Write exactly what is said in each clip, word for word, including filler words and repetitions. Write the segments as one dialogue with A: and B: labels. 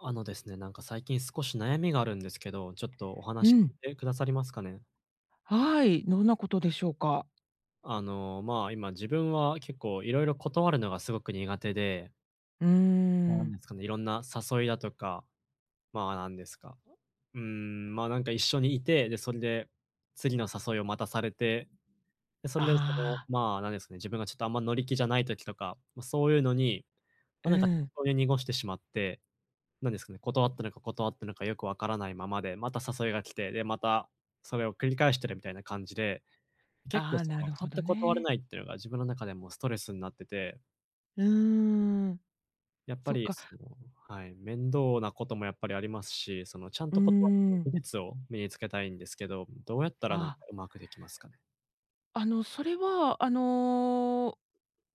A: あのですね、なんか、最近少し悩みがあるんですけど、ちょっとお
B: う
A: 話聞
B: ん。
A: いてくださりますかね？
B: はい、どんなことでしょうか？
A: あの、ま、今自分は結構色々断るのがすごく苦手で
B: うー
A: なんで
B: ん。
A: すかね、色んな誘いだとか。まあ、なんですか、うーん、ま、なんか、一緒にいて、で、それで次の誘いをまたされて、で、それでその
B: ああ。
A: まあ、なんですかね、自分がちょっとあんま乗り気じゃない時とか、ま、そういうのに、
B: う
A: なんか適
B: ん。
A: 当に濁してしまって、なんですかね、断ったのか断ったなか、よく分からないままで、また誘いが来て、で、またそれを繰り返してるみたいな感じで、結構
B: ああ、
A: そ
B: な
A: の
B: る
A: ちゃ
B: ほ
A: んと
B: ど
A: 断れ
B: ね。
A: ないっていうのが自分の中でもストレスになってて。
B: うーん。
A: やっぱ
B: そっ
A: り
B: か。
A: そのはい、面倒なこともやっぱりありますし、そのちゃん
B: うー
A: と断る技
B: ん。
A: 術を身に付けたいんですけど、どうやったらなんか
B: ああ。
A: うまくできますかね？
B: あのそれは、あの、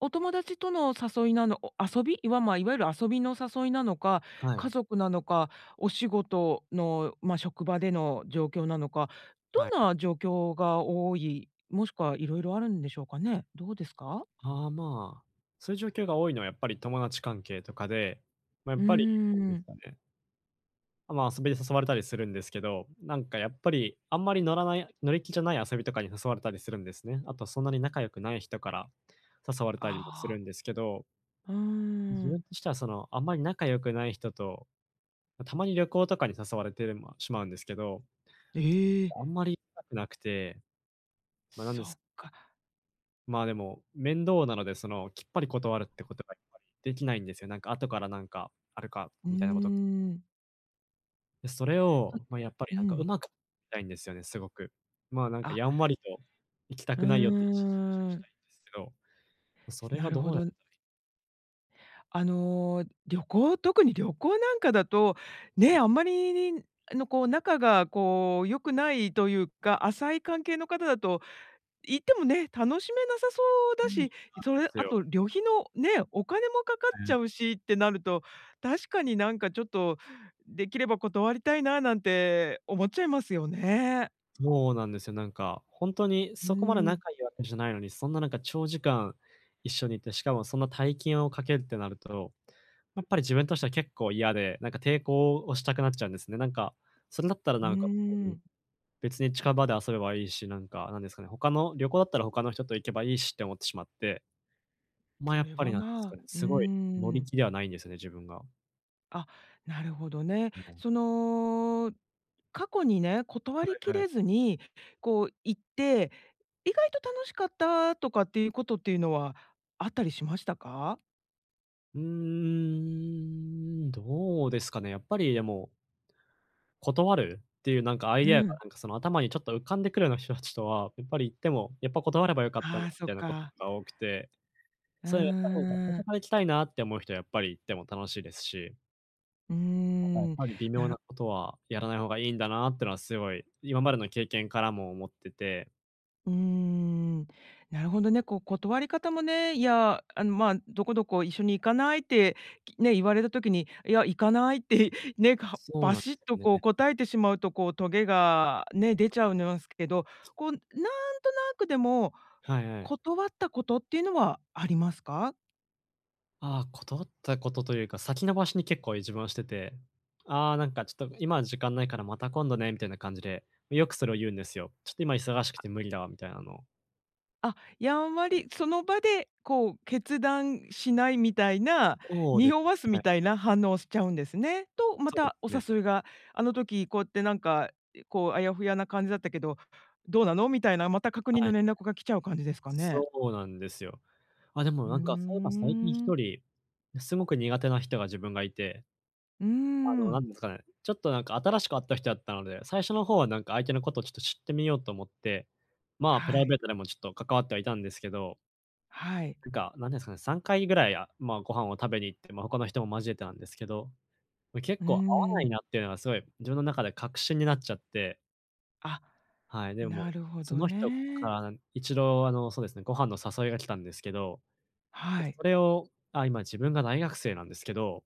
B: お友達との誘いなの遊びいわま、いわゆる遊びの誘いなのか、
A: はい。
B: 家族なのか、お仕事の、ま、職場での状況なのか、
A: はい。
B: どんな状況が多い、もしくはいろいろあるんでしょうかね、どうですか？
A: あ、まあ、そういう状況が多いのはやっぱり友達関係とかで、ま、やっ
B: うー
A: ぱり [unintelligible] です
B: ん。
A: かね。あ、ま、遊びに誘われたりするんですけど、なんかやっぱり、あんまり乗らない乗り気じゃない遊びとかに誘われたりするんですね。あとそんなに仲良くない人から誘われたりもする
B: ああ。
A: んですけど
B: うー
A: 自
B: ん。
A: 分としては、その、あんまり仲良くない人と、ま、たまに旅行とかに誘われて、ま、しまうんですけど。
B: ええ。
A: あんまり行きたくなくて、ま、なん
B: そ
A: です。
B: っか。
A: ま、でも、面倒なのでそのきっぱり断るってことが、やっぱり、できないんですよ。なんか後からなんかあるか、
B: うー
A: みたいなこと
B: ん。
A: で、それ
B: う
A: を、ま、やっぱり
B: ん。
A: なん
B: う
A: かう
B: ん。
A: まくたいんですよね、すごく。ま、なんか
B: あ。
A: やんわりと行きた
B: う
A: くないよっていう意思表示を
B: ー
A: した
B: ん。
A: いんですけど、それ
B: な
A: が
B: る
A: ど
B: ほ
A: うやった
B: ど。
A: らいいのか？
B: あの、旅行、特に旅行なんかだと、
A: う
B: ね、
A: ん。
B: あんまりあのこう仲がこう良くないというか、浅い関係の方だと、行ってもね、楽しめなさそう
A: う
B: だ
A: ーん、なんで
B: し、それ
A: す
B: あ
A: よ。
B: と旅費の、ね、お金もかかっ
A: う
B: ちゃ
A: ん。
B: うしってなると、確かになんかちょっと、できれば断りたいななんて思っちゃいますよね。
A: もうなんですよ。なんかほんとに、
B: う
A: そこまで
B: ーん。
A: 仲良いわけじゃないのに、そんななんか長時間一緒にいて、しかもそんな大金を掛けるってなると、やっぱり自分としては結構嫌で、なんか抵抗をしたくなっちゃうんですね。なんかそれだったら
B: う
A: な
B: ー
A: んかあ、うん、
B: ん。
A: 別に近場で遊べばいいし、なんかなんですかね、他の旅行だったら他の人と行けばいいしって思ってしまって。ま、
B: そ
A: やっ
B: れ
A: ぱり
B: は、
A: なんす
B: ま
A: か
B: あ
A: ね、
B: うー
A: すごい乗り
B: ん。
A: 気ではないんですよね、自分が。
B: あ、なるほどね。
A: はい。
B: その、過去にね、断
A: は
B: り
A: い
B: き
A: はい。
B: れずにこう行って、意外と楽しかったとかっていうことっていうのは、あったりしましたか？
A: うーん、どうですかね、やっぱりでも断るっていうなんかアイ
B: う
A: デアが
B: ん。
A: なんか、その頭にちょっと浮かんでくるような人たちとは、やっぱり行っても、やっぱ断ればよかったなみ
B: ああ、そっ
A: たいなこと
B: か。
A: が多くて。
B: う
A: それやった方が最
B: ー
A: 初
B: ん。
A: から行きたいなって思う人はやっぱり行っても楽しいですし。
B: うー
A: だからやっ
B: ん、
A: ぱり微妙
B: な
A: な
B: る
A: ことはやらない方がいいんだなっていうのはすごい、今までの経験からも思ってて
B: うーん、なるほどね、こう、断り方もね、いや、あの、ま、どこどこ「一緒に行かない？」ってね、言われた時に、「いや、行かない」って、ね、か
A: そう
B: バ
A: なんで
B: シッ
A: すよ
B: と、こう、
A: ね。
B: 答えてしまうと、こう、トゲがね、出ちゃうんすけど、こう、なんとなくでも、
A: はいはい。
B: 断ったことっていうのはありますか？
A: ああ、断ったことというか、先延ばしに結構、自分はしてて、「ああ、なんか、ちょっと今時間ないからまた今度ね」みたいな感じで、よくそれを言うんですよ。「ちょっと今忙しくて無理だわ」みたいなのを。
B: あ、やんわ
A: はい。
B: りその場で、こう、決断しないみたいな、
A: そうです。
B: 匂わす
A: は
B: み
A: い。
B: たいな反応をしちゃうんですね。と、ま
A: そうで
B: たお
A: すね。
B: 誘いが、あの時こうやってなんか、こう、「あやふやな感じだったけど、どうなの？」みたいな、また確認
A: は
B: の
A: い。
B: 連絡が来ちゃう感じですかね？
A: そうなんですよ。あ、でも、
B: うー
A: なんか、そういえば最近ひ
B: ん。
A: とり、すごく苦手な人が自分がいて。
B: うー
A: あの、何
B: ん。
A: ですかね、ちょっと、なんか、新しく会った人やったので、最初の方は、なんか、相手のことをちょっと知ってみようと思って、まあ、プラ
B: は
A: イベ
B: い。
A: ートでもちょっと関わってはいたんですけど。
B: はい。
A: っていうか、何ですかね、さんかいぐらい、あ、まあご飯を食べに行って、まあ他の人も交えてなんですけど、結
B: う
A: 構合わな
B: ー
A: い
B: ん。
A: なっていうのがすごい自分の中で確信になっちゃって
B: あ、
A: はい、でも、
B: なるほ
A: そ
B: ど
A: の人か
B: ね。
A: ら一あのそうですね、ご飯の誘いが来たんですけど、
B: はい。
A: それをあ、今自分が大学生なんですけど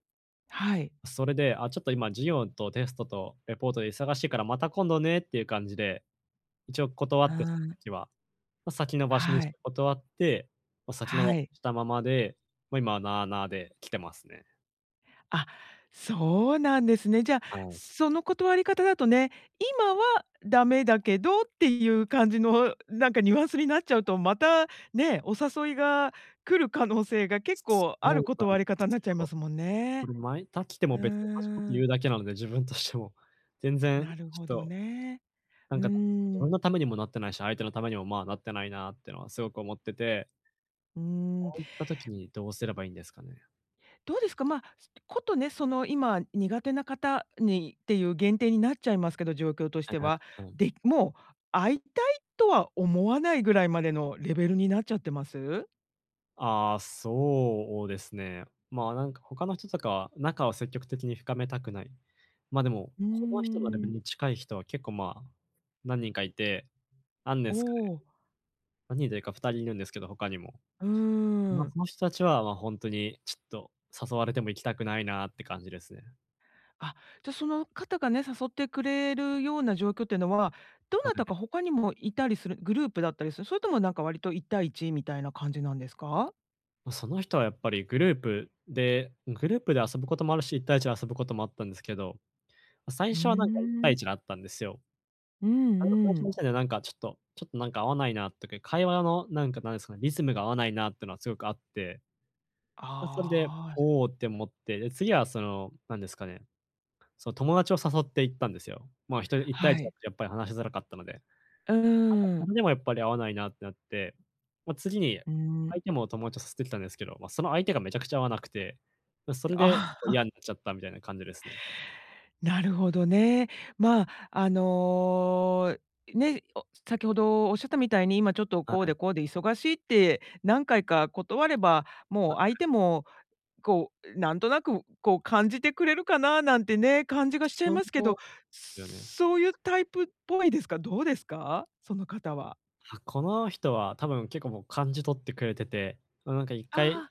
B: はい。
A: それで、あ、ちょっと今授業とテストとレポートで忙しいから、また今度ねっていう感じで、一応断
B: う
A: ってそ
B: ー
A: の
B: ん。
A: 時は。先延ばしにし
B: はい。
A: て断って、先延ば
B: はい。
A: したままで、ま、今、なあなあで来てますね。
B: あ、そうなんですね。じゃあ、
A: はい。
B: その断り方だとね、「今はダメだけど」っていう感じのなんかニュアンスになっちゃうと、またね、お誘いが来る可能性が結
A: そ
B: 構
A: う
B: あ
A: なん
B: る
A: で
B: 断り方に
A: す
B: なっちゃい
A: よ。
B: ますもん
A: こ
B: ね。
A: れまいあ来て
B: う
A: も
B: ー
A: 別に同じこと言う
B: ん。
A: だけなので、自分としても、全然
B: なる
A: ちょっ
B: ほど
A: と、
B: ね。
A: な
B: う
A: んか自
B: ー
A: 分
B: ん。
A: のためにもなってないし、相手のためにも、まあ、なってないなっていうのはすごく思ってて
B: うーん。
A: そういった時にどうすればいいんですかね？
B: どうですか？ま、す、ことね、その今苦手な方にっていう限定になっちゃいますけど、状況とし
A: あ
B: て
A: あ。
B: は。
A: うん。
B: で、もう会いたいとは思わないぐらいまでのレベルになっちゃってます？
A: ああ、そうですね。ま、なんか他の人とか仲を積極的に深めたくない。ま、でも、
B: うー
A: この人のレベ
B: ん。
A: ルに近い人は、結構まあ、何人かいて、何で
B: お
A: すかね？
B: お。
A: 何人というかふたりいるんですけど、他にも。
B: うー
A: ま、
B: ん。
A: その人達は、ま、ホントにちょっと誘われても行きたくないなって感じですね。
B: あ、じゃ、その方がね、誘ってくれるような状況っていうのは、ど
A: は
B: なた
A: い。
B: か他にもいたりする、グループだったりする、それともなんか割といったいいちみたいな感じなんですか？
A: ま、その人はやっぱりグループでグループで遊ぶこともあるし、いったいいちで遊ぶこともあったんですけど、最
B: うー
A: 初はなんかいったいい
B: ん。
A: ちで会ったんですよ。
B: うん
A: なんか最
B: う
A: 初そ
B: ん。
A: したらなんか、ちょっと、ちょっとなんか合わないなとか、会話のなんか、何ですかね、リズムが合わないなっていうのはすごくあって。ま、それで、
B: ああ。
A: おおって思って。で、次はその、何ですかね、その友達を誘って行ったんですよ。まあ、ひとりいったい
B: は
A: いちだ
B: い。
A: とやっぱり話しづらかったので。なん
B: うんう
A: か
B: んうんう
A: それ
B: ん。
A: でもやっぱり合わないなってなって。ま、次に
B: うー
A: 相
B: ん。
A: 手も友達と誘ってきたんですけど、ま、その相手がめちゃくちゃ合わなくて、それで
B: ああ。
A: 嫌 になっちゃったみたいな感じですね。
B: なるほどね。ま、あの、ね、お、先ほどおっしゃったみたいに、今ちょっと
A: は
B: こう
A: い。
B: でこうで忙しいって、何回か断れば、
A: は
B: もう
A: い。
B: 相手も、こう、なんとなく、こう、感じてくれるかななんてね、感じがしちゃい
A: そ
B: ますけど、
A: う、よね。
B: そういうタイプっぽいですか？どうですか？その方は。
A: あ、この人は多分結構もう感じ取ってくれてて、なんかいっ
B: あ
A: かい
B: あ。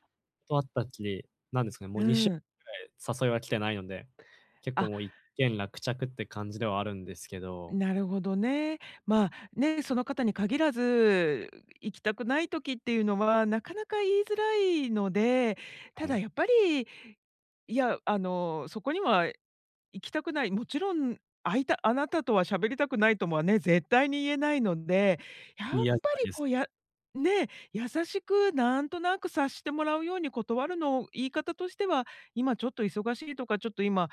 A: 会ったきり、何ですかね、もう
B: う
A: にしゅう
B: ん。
A: かんぐらい誘いは来てないので、結構
B: あ。
A: もう一件落着って感じではあるんですけど。
B: なるほどね。ま、ね、その方に限らず、行きたくない時っていうのは、なかなか言いづらいので。た
A: はい。
B: だやっぱり、いや、あの、そこには行きたくない、もちろん会いたあなたとは喋りたくないともね、絶対に言えないので、やっぱり
A: [unintelligible]
B: こう、や、ね、優しくなんとなく察してもらうように断るの、言い方としては、今ちょっと忙しいとか、ちょっと今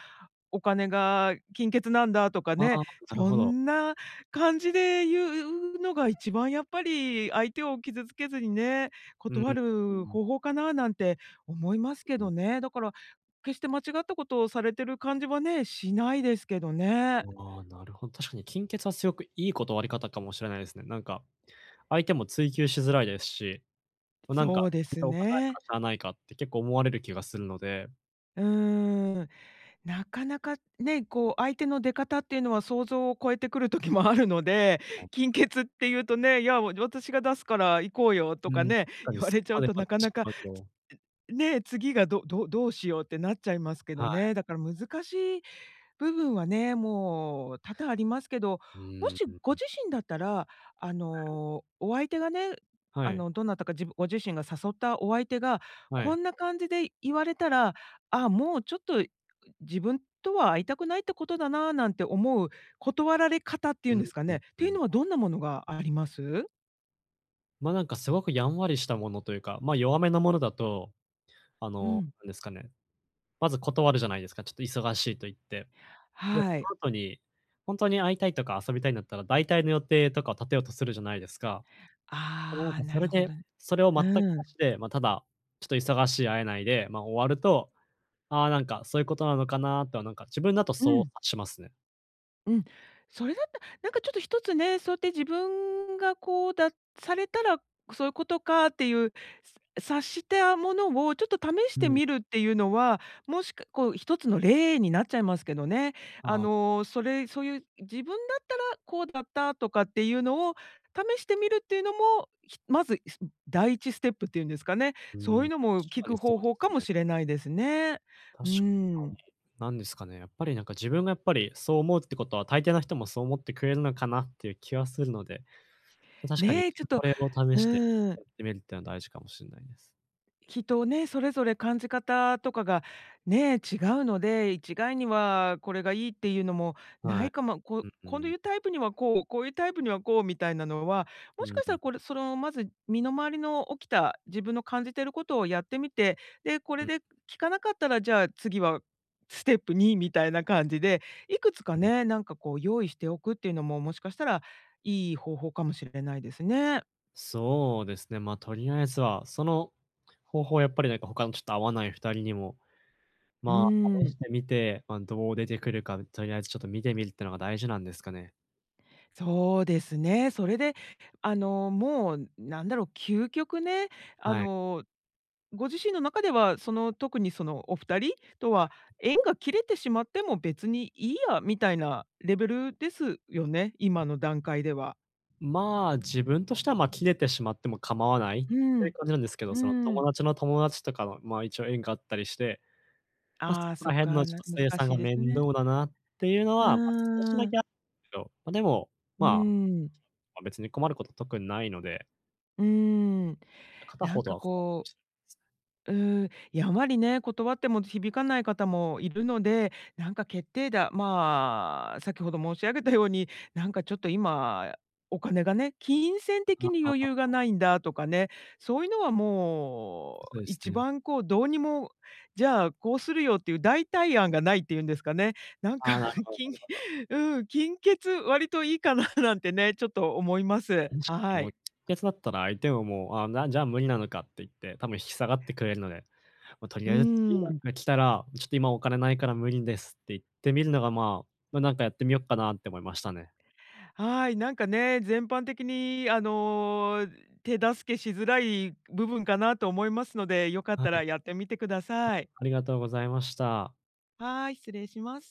B: お金が、金欠なんだとか
A: ああ、
B: ね。
A: なる
B: そ
A: ほど。
B: んな感じで言うのが一番、やっぱり、相手を傷つけずにね、
A: うー
B: 断る
A: ん。
B: 方法かな、なんて思いますけ
A: う
B: ど
A: ん。
B: ね。だから、決して間違ったことをされてる感じはね、しないですけどね。
A: ああ、なるほど。確かに金欠はすごくいい断り方かもしれないですね。なんか、相手も追求しづらいですし。なんか、
B: そうです
A: お金ないか
B: ね。
A: らしゃあないかって結構思われる気がするので。
B: うーん。なかなかね、こう、相手の出方っていうのは想像を超えてくる時もあるので、金欠っていうとね、「いや、私が出すから行こうよ」
A: う
B: と
A: ー
B: か
A: ん、
B: ね、
A: 確か
B: 言
A: に
B: わ
A: そ
B: れ
A: こ
B: ちゃ
A: ま
B: う
A: で言
B: と
A: わ
B: な
A: れ
B: か
A: て
B: な
A: し
B: か、
A: まうと。
B: ね、次がどどどうしようってなっちゃいますけど
A: はい。
B: ね。だから難しい部分はね、もう多々ありますけど、
A: う
B: も
A: ー
B: しご
A: ん。
B: 自身だったら、あ の、お相手がね、
A: は
B: あ
A: い。
B: のどなたか、じぶご自身が誘ったお相手が、
A: はい。
B: こんな感じで言われたら、「ああ、もうちょっと自分とは会いたくないってことだな」なんて思う断られ方っていう
A: う
B: ん
A: ん
B: ですか
A: う
B: ね、っ
A: んう
B: ていう
A: ん。
B: のはどんなものがあります？
A: ま、なんかすごくやんわりしたものというか、ま、弱めのものだと、あ
B: う
A: の、
B: ん。
A: なんですかね、まず断るじゃないですか？ちょっと忙しいと言って。で、
B: はい。
A: その後にほんとに会いたいとか遊びたいんだったら、だいたいの予定とかを立てようとするじゃないですか？なん
B: ああ、
A: かそ
B: な
A: れ
B: るほ
A: で、
B: ど。
A: それを全くな
B: うん。
A: しで、ま、ただ、ちょっと忙しい、会えないで、ま、終わると、「ああ、なんかそういうことなのかな」とはなんか自分だと
B: う
A: そう
B: ん。
A: 察しますね。
B: うん。それだったなんかちょっと一つね、そうやって自分がこうだされたら、そういうことかっていう、察したものをちょっと試し
A: う
B: て
A: ん。
B: みるっていうのは、もしかこう一つの例になっちゃいますけどね。あ
A: あ。
B: の、それそういう、自分だったらこうだった、とかっていうのを、試してみるっていうのも、ひまず、す第一ステップっていうんですかね、
A: う
B: そうい
A: ん。
B: うのも
A: 確
B: 効
A: かに
B: く
A: そ
B: 方
A: うで
B: 法か
A: す
B: も
A: ね。
B: しれないですね。
A: 確
B: うー
A: か
B: ん。
A: に。なんですかね、やっぱりなんか、自分がやっぱり、そう思うってことは大抵の人もそう思ってくれるのかなっていう気はするので、確かに、
B: ね、ちょっと、
A: これを試
B: う
A: して
B: ーん。
A: やってみるっていうのは大事かもしんないです。
B: きっとね、それぞれ感じ方とかが、ね、違うので、一概にはこれがいいっていうのも無
A: は
B: い
A: い。
B: かも。こ
A: う
B: う
A: んう
B: こう
A: ん。
B: いうタイプにはこう、こういうタイプにはこうみたいなのは、
A: う
B: も
A: ん
B: しかし
A: う
B: たら
A: ん。
B: これその、まず、身の回りの起きた、自分の感じてることをやってみて、で、こ
A: う
B: れ
A: ん。
B: で効かなかったら、じゃあ次はステップにみたいな感じで、いくつか
A: うん。
B: ね、なんかこう用意しておくっていうのも、もしかしたら、いい方法かもしれないですね。
A: そうですね。ま、とりあえずは、その方法はやっぱり、なんか、他のちょっと合わないふたりにも、
B: うー
A: ま、試し
B: ん。
A: てみて、ま、どう出てくるか、とりあえずちょっと見てみるっていうのが大事なんですかね。
B: そうですね。それで、あの、もう、なんだろう、究極ね、あ
A: はい。
B: の、ご自身の中では、その、特に、そのお二人と
A: はい。
B: は縁が切れてしまっても別にいいや、みたいなレベルですよね？今の段階では。
A: ま、自分としては、ま、切れてしまっても構わない
B: う
A: っていう
B: ん。
A: 感じなんですけど、
B: う
A: その友
B: ん。
A: 達の友達とかの、ま、一応縁があったりして。ま、そ
B: ああ、
A: こ
B: そ
A: ら
B: っ
A: 辺の
B: か。
A: ちょ
B: な
A: っと清
B: 難
A: 算
B: し
A: が
B: いです
A: 面
B: ね。
A: 倒だなっていうの
B: う
A: は、ま、少し
B: ー
A: だけ
B: ん。
A: あけど、ま、でも、
B: う
A: まあ、
B: ん。
A: ま、別に困ること特にないので。
B: うーん。
A: 片
B: な
A: 方
B: ん
A: と
B: か
A: はほぼ
B: こ
A: すね。
B: ううーん、やんわりね、断っても響かない方もいるので、なんか、決定打、ま、先ほど申し上げたように、「なんかちょっと今、お金がね、金銭
A: あ
B: 的に
A: あ
B: 余
A: あ。
B: 裕がないんだ」とかね、そういうのはも
A: そう
B: う、
A: です
B: 一
A: ね。
B: 番こう、どうにも「じゃあ、こうするよ」っていう代替案がないって言うんですかね。なんか、
A: あ、なるほどな
B: 金
A: るほど。
B: うん、金欠、割といいかななんてね、ちょっと思います。
A: 確かに
B: は
A: もう、
B: い。
A: 欠だったら相手ももう、「あ、なんじゃ無理なのか」って言って、多分引き下がってくれるので、ま、とり
B: う
A: あえず次なん
B: ん。
A: か来たら、「ちょっと今お金ないから無理です」って言ってみるのが、まま、なんかやってみよっかなって思いましたね。
B: はい、なんかね、全般的に、あの、手助けしづらい部分かなと思いますので、良かっ
A: は
B: た
A: い。
B: らやってみてください。
A: ありがとうございました。
B: はい、失礼します。